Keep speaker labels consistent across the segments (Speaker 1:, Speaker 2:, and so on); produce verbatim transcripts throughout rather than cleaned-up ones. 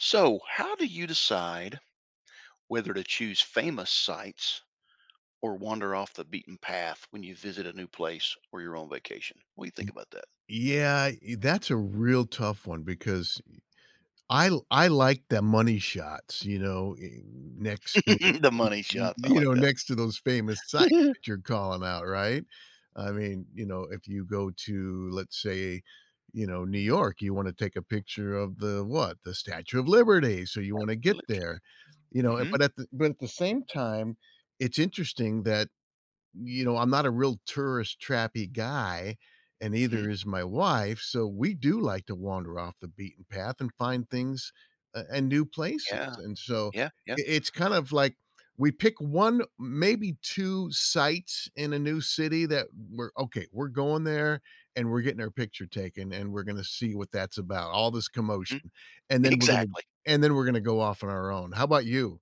Speaker 1: So, how do you decide whether to choose famous sites or wander off the beaten path when you visit a new place or you're on vacation? What do you think
Speaker 2: Y
Speaker 1: about that?
Speaker 2: Yeah. E that's a real tough one because e I I like the money shots, you know, eh, next to
Speaker 1: The money
Speaker 2: y
Speaker 1: shot. I
Speaker 2: you
Speaker 1: like
Speaker 2: know, next to those famous sites
Speaker 1: that.
Speaker 2: that you're calling out, right? I mean, you know, if you go to, let's say, you know, New York, you wanna take a picture of the, what, the Statue Of Liberty, so you wanna get there.
Speaker 1: [unintelligible]
Speaker 2: You know?
Speaker 1: Mhm.
Speaker 2: But at the but at the same time, it's interesting that, you know, I'm not a real tourist trappy guy and neither
Speaker 1: Mhm.
Speaker 2: is my wife, so we do like to wander off the beaten path and find things a and new places
Speaker 1: Yeah.
Speaker 2: and so
Speaker 1: Yeah, yeah.
Speaker 2: i it's kinda like we pick one, maybe two sites in a new city that we're, "Okay. We're going there and we're getting our picture taken, and we're gonna see what that's about, all this
Speaker 1: Mhm.
Speaker 2: commotion and then we're gonna
Speaker 1: Exactly.
Speaker 2: and then we're gonna go off on our own." How 'bout you?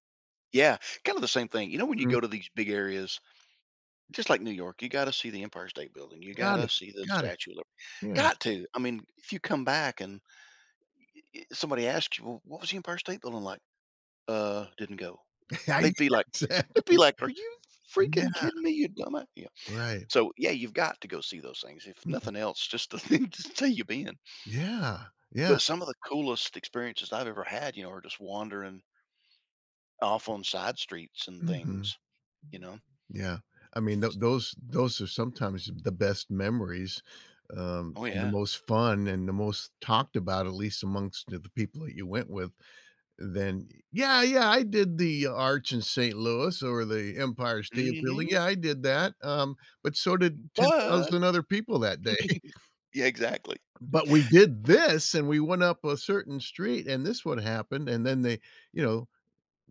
Speaker 1: Yeah, kinda the same thing. You know, when you
Speaker 2: Mm.
Speaker 1: go to these big areas, just like New York, you gotta see the Empire State Building. You
Speaker 2: Got
Speaker 1: gotta
Speaker 2: it,
Speaker 1: see the
Speaker 2: got it.
Speaker 1: Statue of
Speaker 2: Yeah.
Speaker 1: Got to. I mean, if you come back and, e e eh, somebody asks you, "Well, what was the Empire State Building like?" "Uh, didn't go."
Speaker 2: I
Speaker 1: They'd be like
Speaker 2: Exactly.
Speaker 1: they'd be like, "Are you f f freaking
Speaker 2: Yeah.
Speaker 1: kidding me, you dumba" You know.
Speaker 2: Right.
Speaker 1: So, yeah, you've got to go see those things. If
Speaker 2: Mhm.
Speaker 1: nothing else, just the thing to say you've been.
Speaker 2: Yeah, yeah.
Speaker 1: But some of the coolest experiences I've ever had, you know, are just wandering off on side streets and
Speaker 2: Mhm.
Speaker 1: things, you know?
Speaker 2: Yeah. I
Speaker 1: F
Speaker 2: mean, tho
Speaker 1: s
Speaker 2: those those are sometimes the best memories, um,
Speaker 1: Oh,
Speaker 2: and the
Speaker 1: yeah.
Speaker 2: most fun and the most talked about, at least amongst the the people that you went with, then "Yeah, yeah, I did the arch in St. Louis or the Empire State Building.
Speaker 1: Mhm.
Speaker 2: Yeah, I did that, um, but so did
Speaker 1: M
Speaker 2: ten
Speaker 1: "But"
Speaker 2: thousand other people that day.
Speaker 1: Yeah, exactly.
Speaker 2: "But we did this, and we went up a certain street, and this would happen," and then they, you know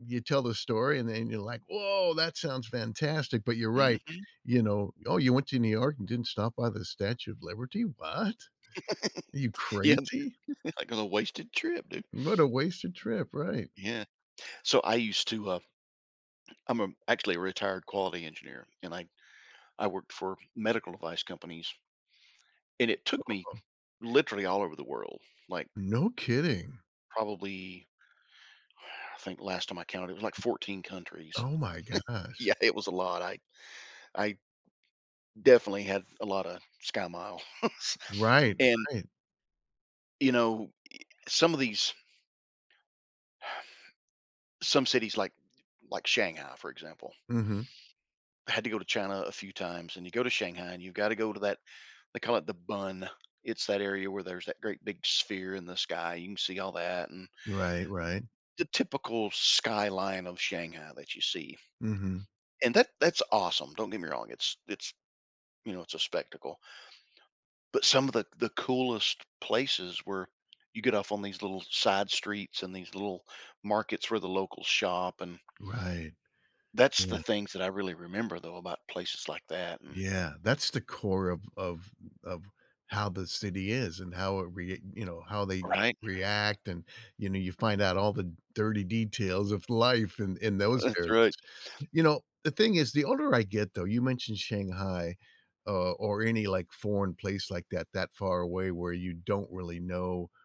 Speaker 2: you tell the story, and then you're like, "Whoa, that sounds fantastic," but you're right,
Speaker 1: Mhm.
Speaker 2: you know. "Oh, you went to New York and didn't stop by the Statue of Liberty? What? Are you
Speaker 1: Yeah.
Speaker 2: crazy?"
Speaker 1: Like, on a wasted trip, dude.
Speaker 2: What a wasted trip, right.
Speaker 1: Yeah. So I used to, um I'm, um, actually a retired quality engineer, and I I worked for medical device companies. And it took me
Speaker 2: Huh.
Speaker 1: literally all over the world, like
Speaker 2: No kidding.
Speaker 1: probably I think last time I counted, it was, like, fourteen countries.
Speaker 2: Oh my gosh.
Speaker 1: Yeah, it was a lot. I I definitely had f a lotta SkyMiles,
Speaker 2: Right,
Speaker 1: and
Speaker 2: right.
Speaker 1: you know, ye some of these Some cities like like Shanghai, for example.
Speaker 2: Mhm.
Speaker 1: I had to go to China a few times, and you go to Shanghai, and you gotta go to that they call it The Bund. It's that area where there's that great big sphere in the sky. You can see all that and
Speaker 2: Right, right.
Speaker 1: the typical skyline of Shanghai that you see.
Speaker 2: Mhm.
Speaker 1: And that that's awesome. Don't get me wrong. It's it's, you know, it's a spectacle. But some of the the coolest places where you get off on these little side streets and these little markets where the locals shop, and
Speaker 2: Right.
Speaker 1: That's the
Speaker 2: Yeah.
Speaker 1: things that I really remember, though, about places like that and
Speaker 2: Yeah, that's the core of of of how the city is and how it rea you know, how they
Speaker 1: Right.
Speaker 2: react and, you know, you find out all the dirty details of life in in those
Speaker 1: That's
Speaker 2: areas.
Speaker 1: right.
Speaker 2: You know, the thing is the older I get, though, you mentioned Shanghai, uh, or any, like, foreign place like that that far away where you don't really know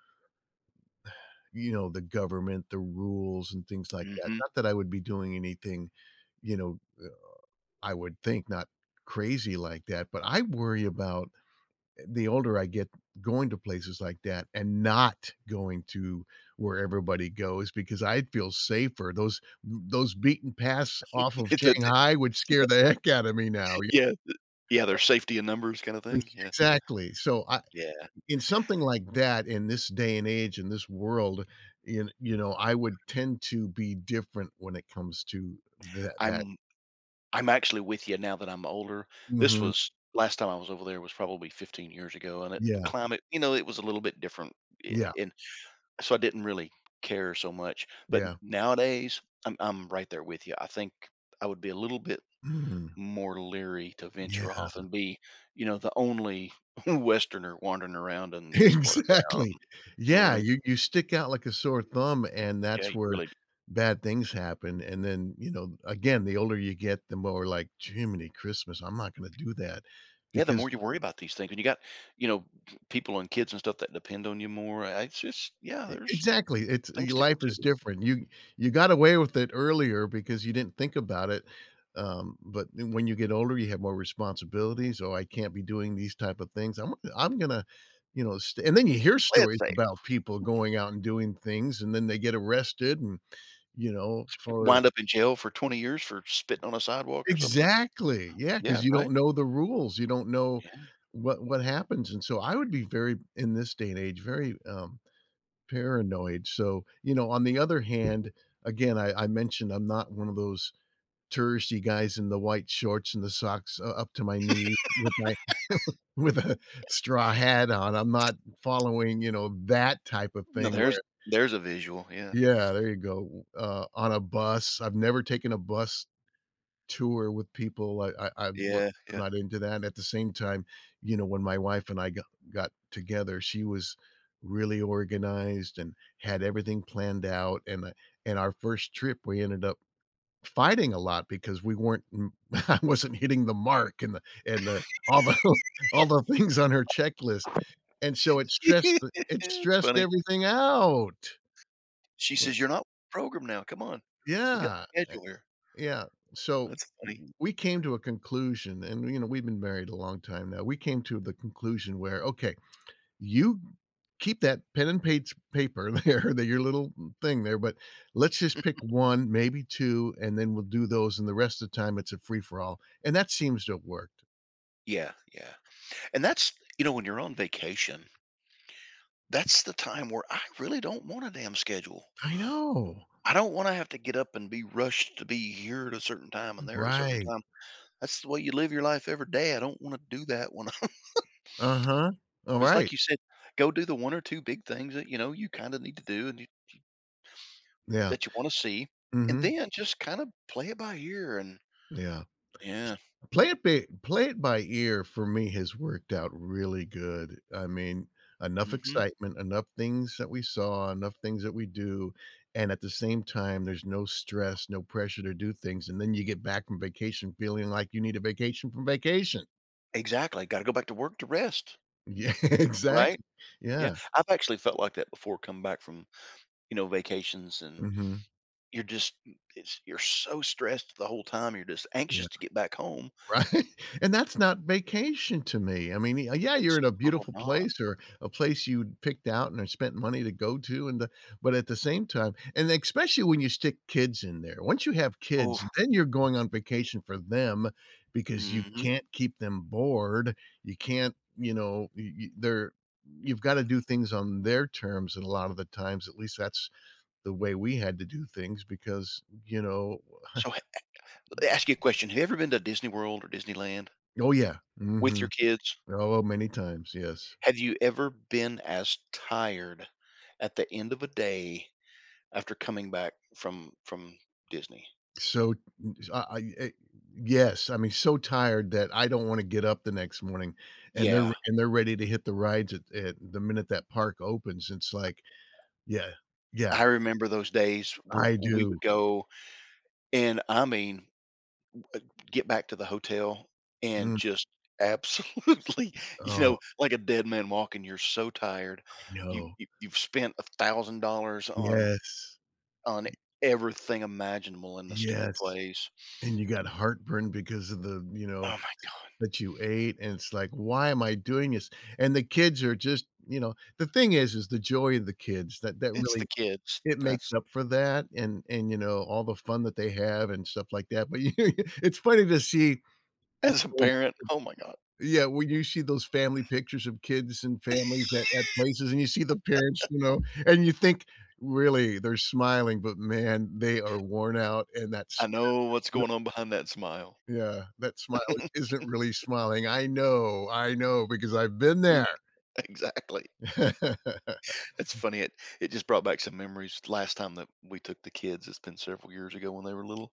Speaker 2: you know, the government, the rules, and things like that.
Speaker 1: Mhm.
Speaker 2: Not that I would be doing anything, you know, uh, I would think not crazy like that, but I worry about, eh, the older I get, going to places like that and not going to where everybody goes because I'd feel safer. Those n those beaten paths off of
Speaker 1: Yeah, the
Speaker 2: Shanghai would scare the heck out of me now, y
Speaker 1: yeah, the yeah,
Speaker 2: Uh
Speaker 1: there's safety in numbers kinda thing,
Speaker 2: [unintelligible]
Speaker 1: yeah.
Speaker 2: Exactly, so I
Speaker 1: Yeah.
Speaker 2: in something like that, in this day and age, in this world, you kn you know, I would tend to be different when it comes to tha that.
Speaker 1: I'm I'm actually with you now that I'm older. This
Speaker 2: Mhm.
Speaker 1: was last time I was over there was probably fifteen years ago, and it the
Speaker 2: Yeah.
Speaker 1: climate, you know, it was a little bit different. Yeah,
Speaker 2: Yeah.
Speaker 1: and so I didn't really care so much, but n
Speaker 2: Yeah.
Speaker 1: nowadays, I'm I'm right there with you. I think I would be a little bit
Speaker 2: Mm.
Speaker 1: more leery to
Speaker 2: Yeah.
Speaker 1: venture off and be, you know, the only westerner wandering around in this part of town.
Speaker 2: Exactly.
Speaker 1: You know what I
Speaker 2: Yeah,
Speaker 1: mean?
Speaker 2: you you stick out like a sore thumb, and
Speaker 1: Yeah,
Speaker 2: that's
Speaker 1: you
Speaker 2: where
Speaker 1: really d
Speaker 2: bad things happen, and then, you know, again, the older you get, the more like, "Jiminy Christmas, I'm not gonna do that,"
Speaker 1: Yeah, the
Speaker 2: because
Speaker 1: more you worry about these things, and you got, you know, people and kids and stuff that depend on you more, I it's just, yeah,
Speaker 2: E
Speaker 1: there's
Speaker 2: exactly, it's y
Speaker 1: things to
Speaker 2: life is
Speaker 1: consider.
Speaker 2: different. You you got away with it earlier because you didn't think about it, um, but then when you get older, you have more responsibilities, so, "I can't be doing these type of things. Imma I'm gonna, you know, st" and then you hear
Speaker 1: Play it
Speaker 2: stories
Speaker 1: safe.
Speaker 2: about people going out and doing things, and then they get arrested and, you know, for
Speaker 1: Wind up in jail for twenty years for spitting on a sidewalk or something.
Speaker 2: Exactly! Yeah, 'cause
Speaker 1: Yeah,
Speaker 2: you don't
Speaker 1: right?
Speaker 2: know the rules. You don't know
Speaker 1: Yeah.
Speaker 2: what what happens, and so I would be very in this day and age, very, um, paranoid, so, you know, on the other hand, again, I I mentioned I'm not one of those touristy guys in the white shorts and the socks u up to my knee with my with a straw hat on. I'm not following, you know, that type of
Speaker 1: Now
Speaker 2: thing
Speaker 1: there's
Speaker 2: where
Speaker 1: there's a visual, yeah.
Speaker 2: Yeah, there you go. Uh, on a bus. I've never taken a bus tour with people. I I I'm more
Speaker 1: Yeah,
Speaker 2: I'm
Speaker 1: yeah.
Speaker 2: not into that. At the same time, you know, when my wife and I go got together, she was really organized and had everything planned out, and in our first trip, we ended up fighting a lot because we weren't m I wasn't hitting the mark and the and the all the all the things on her checklist, and so it stressed the it
Speaker 1: That's
Speaker 2: stressed
Speaker 1: funny.
Speaker 2: everything out.
Speaker 1: She
Speaker 2: Eh
Speaker 1: says, "You're not programmed now, come on. We got
Speaker 2: Yeah,
Speaker 1: a
Speaker 2: a
Speaker 1: schedule here."
Speaker 2: Yeah, so
Speaker 1: That's funny.
Speaker 2: we came to a conclusion, and, you know, we've been married a long time now. We came to the conclusion where, "Okay, you keep that pen and page paper there, that your little n thing there, but let's just pick one, maybe two, and then we'll do those, and the rest of time, it's a free-for-all," and that seems to have worked.
Speaker 1: Yeah. Yeah. And that's you know, when you're on vacation that's the time where I really don't want a damn schedule.
Speaker 2: I know.
Speaker 1: I don't wanna have to get up and be rushed to be here at a certain time and there at a certain
Speaker 2: Right.
Speaker 1: time. That's the way you live your life every day. I don't wanna do that when I'm
Speaker 2: Uh-huh.
Speaker 1: Just
Speaker 2: Alright.
Speaker 1: like you said, go do the one or two big things that, you know, you kinda need to do and you
Speaker 2: Yeah.
Speaker 1: that you wanna see, and
Speaker 2: Mhm.
Speaker 1: then just kinda play it by ear, and
Speaker 2: Yeah.
Speaker 1: yeah.
Speaker 2: Play it bi play it by ear for me has worked out really good. I mean, enough
Speaker 1: Mhm.
Speaker 2: excitement, enough things that we saw, enough things that we do, and at the same time, there's no stress, no pressure to do things. And then you get back from vacation feeling like you need a vacation from vacation.
Speaker 1: Exactly. Gotta go back to work to rest.
Speaker 2: Yeah,
Speaker 1: Right?
Speaker 2: exactly.
Speaker 1: Yeah.
Speaker 2: Yeah.
Speaker 1: I've actually felt like that before coming back from, you know, vacations, and
Speaker 2: Mhm.
Speaker 1: you're just it's you're so stressed the whole time. You're just
Speaker 2: Yeah.
Speaker 1: anxious to get back home.
Speaker 2: Right? And that's not vacation to me. I mean, y yeah, you're
Speaker 1: It's
Speaker 2: in a
Speaker 1: little
Speaker 2: beautiful
Speaker 1: gone.
Speaker 2: place or a place you'd picked out and spent money to go to and the but at the same time and especially when you stick kids in there. Once you have kids,
Speaker 1: Oof.
Speaker 2: then you're going on vacation for them because you
Speaker 1: Mhm.
Speaker 2: can't keep them bored. You can't you know, y y they're you've gotta do things on their terms, and a lot of the times, at least that's the way we had to do things because, you know
Speaker 1: So he e l y ask you a question. Have you ever been to Disney World or Disneyland
Speaker 2: Oh, yeah.
Speaker 1: with
Speaker 2: Mhm.
Speaker 1: your kids?
Speaker 2: Oh, many times, yes.
Speaker 1: Have you ever been as tired at the end of a day after coming back from from Disney?
Speaker 2: So n I e eh yes. I mean, so tired that I don't wanna get up the next morning, and they're
Speaker 1: Yeah.
Speaker 2: and they're ready to hit the rides at at the minute that park opens. It's like yeah. Yeah.
Speaker 1: I remember those days where
Speaker 2: I
Speaker 1: w we
Speaker 2: do.
Speaker 1: would go and, I mean uh, get back to the hotel and
Speaker 2: Mm.
Speaker 1: just absolutely you know,
Speaker 2: Oh.
Speaker 1: like a dead man walking. You're so tired.
Speaker 2: I
Speaker 1: You
Speaker 2: know.
Speaker 1: you you've spent a thousand dollars on
Speaker 2: Yes.
Speaker 1: on
Speaker 2: Y
Speaker 1: everything imaginable in the stupid
Speaker 2: Yes.
Speaker 1: place.
Speaker 2: And you got heartburn because of the, you
Speaker 1: Oh
Speaker 2: know,
Speaker 1: my god.
Speaker 2: that you ate, and it's like, "Why am I doing this?" And the kids are just you know? The thing is is the joy and the kids that that
Speaker 1: It's the
Speaker 2: really
Speaker 1: kids.
Speaker 2: it makes
Speaker 1: That's
Speaker 2: up for that and and, you know, all the fun that they have and stuff like that. But you it's funny to see
Speaker 1: As a
Speaker 2: [unintelligible]
Speaker 1: parent, oh my god.
Speaker 2: Yeah, when you see those family pictures of kids and families at at places and you see the parents, you know, and you think, "Really, they're smiling, but, man, they are worn out and that
Speaker 1: I
Speaker 2: smile
Speaker 1: know
Speaker 2: is
Speaker 1: what's
Speaker 2: really"
Speaker 1: going on behind that smile.
Speaker 2: Yeah. That smile isn't really smiling. I know. I know because I've been
Speaker 1: Mm.
Speaker 2: there.
Speaker 1: Exactly. It's funny, it it just brought back some memories. Last time that we took the kids- it's been several years ago when they were little-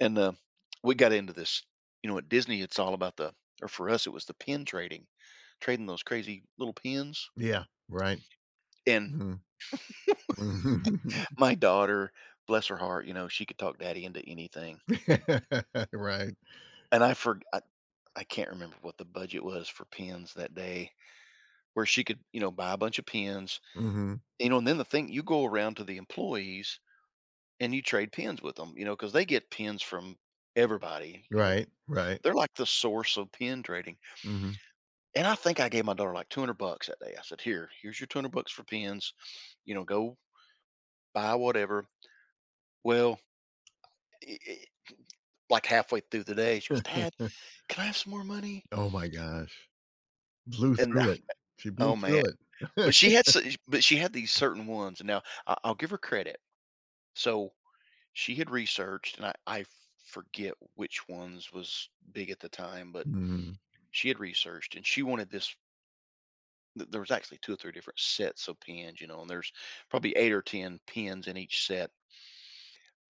Speaker 1: And, um, we got into this. You know, at Disney, it's all about the or for us, it was the pin trading, trading those crazy little pins.
Speaker 2: Yeah. Right.
Speaker 1: And
Speaker 2: Mhm. Mhm.
Speaker 1: my daughter, bless her heart, you know, she could talk daddy into anything.
Speaker 2: Right.
Speaker 1: And I forg I I can't remember what the budget was for pins that day where she could, you know, buy a bunch of pins.
Speaker 2: Mhm.
Speaker 1: You know? And then the thing you go around to the employees and you trade pins with 'em, you know, 'cause they get pins from everybody. You know, th
Speaker 2: Right. Right.
Speaker 1: they're like the source of pin trading.
Speaker 2: Mhm.
Speaker 1: And I think I gave my daughter, like, two hundred bucks that day. I said, "Here. Here's your two hundred bucks for pins. You know, go buy whatever." Well i i like, halfway through the day, she goes, "Dad, can I have some more money?"
Speaker 2: Oh my gosh. Blew
Speaker 1: And, uh,
Speaker 2: through it. She blew
Speaker 1: oh, man.
Speaker 2: through it.
Speaker 1: But she had so but she had these certain ones. And now I I'll give her credit. So, she had researched, and I I f forget which ones was big at the time, but
Speaker 2: Mm.
Speaker 1: she had researched, and she wanted this th there was actually two or three different sets of pins. You know? And there's probably eight or ten pins in each set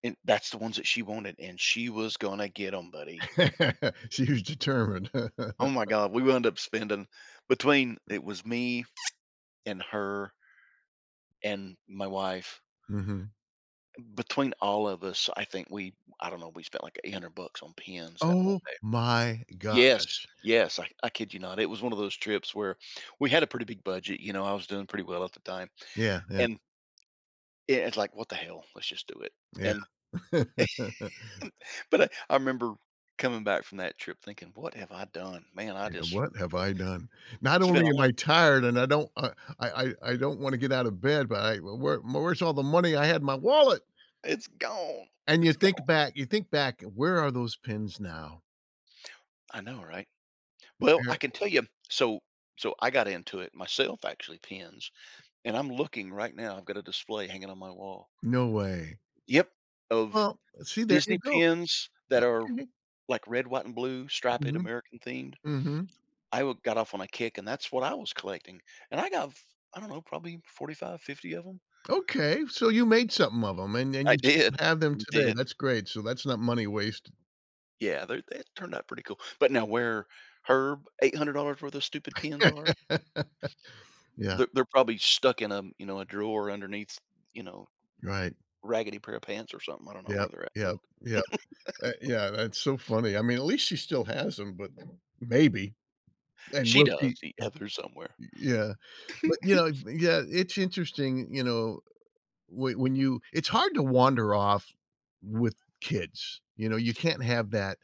Speaker 1: and that's the ones that she wanted, and she was gonna get 'em, buddy.
Speaker 2: She was determined.
Speaker 1: Oh my god. We wound up spending between it was me and her and my wife.
Speaker 2: Mhm.
Speaker 1: Between all of us, I think we I don't know. We spent, like, eight hundred bucks on pins that one
Speaker 2: Oh
Speaker 1: day.
Speaker 2: my
Speaker 1: Yes.
Speaker 2: gosh.
Speaker 1: Yes. I I kid you not. It was one of those trips where we had a pretty big budget. You know, I was doing pretty well at the time.
Speaker 2: Yeah, yeah.
Speaker 1: And Yeah, it's like, "What the hell? Let's just do it."
Speaker 2: Yeah.
Speaker 1: And but I I remember coming back from that trip thinking, "What have I done? Man, I
Speaker 2: You know,
Speaker 1: just"
Speaker 2: "What have I done? Not
Speaker 1: …spent
Speaker 2: only
Speaker 1: all
Speaker 2: am
Speaker 1: of it
Speaker 2: I tired and I don't I I I I don't wanna get out of bed, but I w where where's all the money I had in my wallet?"
Speaker 1: It's gone.
Speaker 2: And you
Speaker 1: It's gone.
Speaker 2: think back you think back, where are those pins now?
Speaker 1: I know, right?
Speaker 2: Mm
Speaker 1: Well, I can
Speaker 2: yeah.
Speaker 1: tell you. So so I got into it myself, actually, pins, and I'm looking right now, I've got a display hanging on my wall.
Speaker 2: No way.
Speaker 1: Yep, of
Speaker 2: Well, uh, see, there you
Speaker 1: Disney
Speaker 2: go.
Speaker 1: pins that
Speaker 2: Yep,
Speaker 1: are,
Speaker 2: mhm.
Speaker 1: like, red, white, and blue, striped,
Speaker 2: Mhm.
Speaker 1: American themed.
Speaker 2: Mhm.
Speaker 1: I wi got off on a kick, and that's what I was collecting, and I got f I don't know, probably forty-five, fifty of ‘em.
Speaker 2: Okay, so you made something of ‘em and then
Speaker 1: I
Speaker 2: you t
Speaker 1: did.
Speaker 2: have them
Speaker 1: Mm
Speaker 2: today,
Speaker 1: did.
Speaker 2: that's great, so that's not money wasted.
Speaker 1: Yeah, they're they had turned out pretty cool. But now where Herb, eight hundred dollars for those stupid pins are.
Speaker 2: Yeah.
Speaker 1: They're they're probably stuck in, um, you know, a drawer underneath s you know,
Speaker 2: Right.
Speaker 1: raggedy pair of pants or something, I don't know
Speaker 2: Yep,
Speaker 1: where they're at,
Speaker 2: yep,
Speaker 1: but
Speaker 2: yep. Uh, yeah, that's so funny. I mean, at least she still has ‘em, but maybe, and
Speaker 1: She
Speaker 2: will she
Speaker 1: does
Speaker 2: m
Speaker 1: see out there somewhere.
Speaker 2: y yeah. But, you know, yeah, it's interesting, y you know, whe when you it's hard to wander off with kids, you know? You can't have that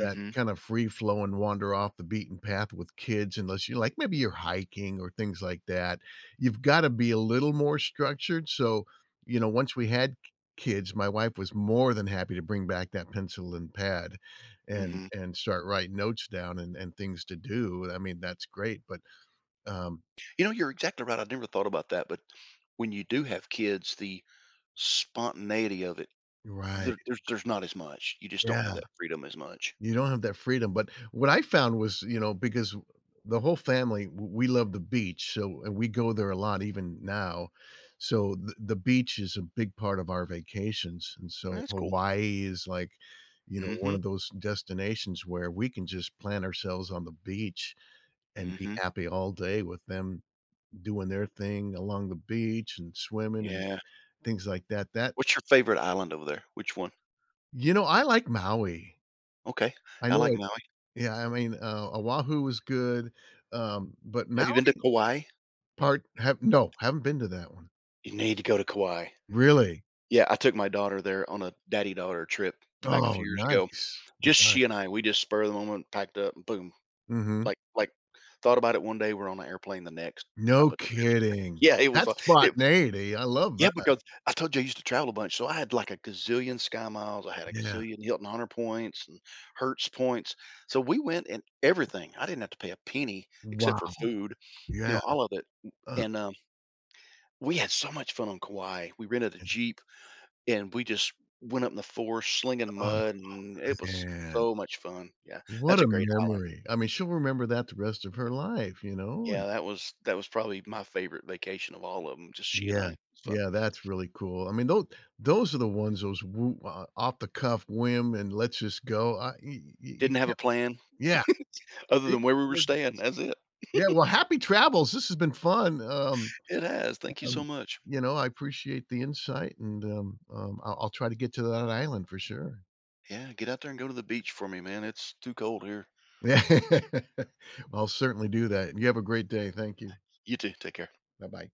Speaker 2: that kind of free flowing wander off the beaten path with kids unless you're, like, maybe you're hiking or things like that. You've gotta be a little more structured, so, you know, once we had k kids, my wife was more than happy to bring back that pencil and pad and
Speaker 1: Mhm.
Speaker 2: and start writing notes down and and things to do. I mean, that's great, but um
Speaker 1: You know, you're exactly right, I've never thought about that, but when you do have kids, the spontaneity of it, there
Speaker 2: Right.
Speaker 1: there's there's not as much, you just don't
Speaker 2: Yeah.
Speaker 1: have that freedom as much.
Speaker 2: You don't have that freedom, but what I found was, you know, because the whole family, w we love the beach, so, and we go there a lot even now. So the the beach is a big part of our vacations, and so
Speaker 1: That's cool.
Speaker 2: Hawaii is, like, you know, one
Speaker 1: Mhm.
Speaker 2: of those destinations where we can just plant ourselves on the beach and be
Speaker 1: Mhm.
Speaker 2: happy all day with them doing their thing along the beach and swimming and
Speaker 1: Yeah.
Speaker 2: things like that, that
Speaker 1: What's your favorite island over there? Which one?
Speaker 2: You know, I like Maui.
Speaker 1: Okay.
Speaker 2: I
Speaker 1: I
Speaker 2: know
Speaker 1: like
Speaker 2: it
Speaker 1: Maui.
Speaker 2: Yeah, I mean, uh, Oahu was good, um, but
Speaker 1: Have you been to
Speaker 2: Maui
Speaker 1: Kauai?
Speaker 2: Part have No, haven’t been to that one.
Speaker 1: You need to go to Kauai.
Speaker 2: Really?
Speaker 1: Yeah, I took my daughter there on a daddy-daughter trip back a few
Speaker 2: Oh,
Speaker 1: years ago.
Speaker 2: nice.
Speaker 1: Just
Speaker 2: Nice.
Speaker 1: she and I, we just spur of the moment, packed up, and boom.
Speaker 2: Mhm.
Speaker 1: Like like, thought about it one day, we're on a airplane the next type
Speaker 2: No
Speaker 1: of trip.
Speaker 2: kidding.
Speaker 1: Yeah, it was li
Speaker 2: That's
Speaker 1: it
Speaker 2: spontaneity, I love
Speaker 1: Yeah,
Speaker 2: that.
Speaker 1: because I told you I used to travel a bunch, so I had, like, a gazillion SkyMiles, I had a
Speaker 2: Yeah.
Speaker 1: gazillion Hilton Honor points and Hertz points. So we went and everything. I didn't have to pay a penny
Speaker 2: Wow.
Speaker 1: except for food, you
Speaker 2: Yeah.
Speaker 1: know, all of it m
Speaker 2: Uh.
Speaker 1: and, uh, we had so much fun on Kauai. We rented a
Speaker 2: Yeah.
Speaker 1: jeep, and we just went up in the forest, slinging
Speaker 2: Oh,
Speaker 1: mud, and it was s
Speaker 2: man.
Speaker 1: so much fun. Yeah,
Speaker 2: What
Speaker 1: that's
Speaker 2: a
Speaker 1: a great island.
Speaker 2: memory. I mean, she'll remember that the rest of her life, you know, and
Speaker 1: Yeah, that was that was probably my favorite vacation of all of ‘em. Just she and
Speaker 2: Yeah.
Speaker 1: I, it's fun.
Speaker 2: Yeah, that's really cool. I mean, tho those are the ones, those woo o off the cuff whim and let's just go. I y y y you
Speaker 1: Didn't have a
Speaker 2: can't
Speaker 1: plan
Speaker 2: Yeah.
Speaker 1: other
Speaker 2: Beat
Speaker 1: than
Speaker 2: the
Speaker 1: where we were
Speaker 2: coordinates.
Speaker 1: staying, that's it.
Speaker 2: Yeah, well, happy travels, this has been fun, um,
Speaker 1: It has, thank you so
Speaker 2: um,
Speaker 1: much.
Speaker 2: you know, I appreciate the insight, and, um, um, I'll I'll try to get to that island for sure.
Speaker 1: Yeah, get out there and go to the beach for me, man. It's too cold here.
Speaker 2: Yeah. I'll certainly do that, and you have a great day, thank you.
Speaker 1: You too, take care.
Speaker 2: Bye-bye.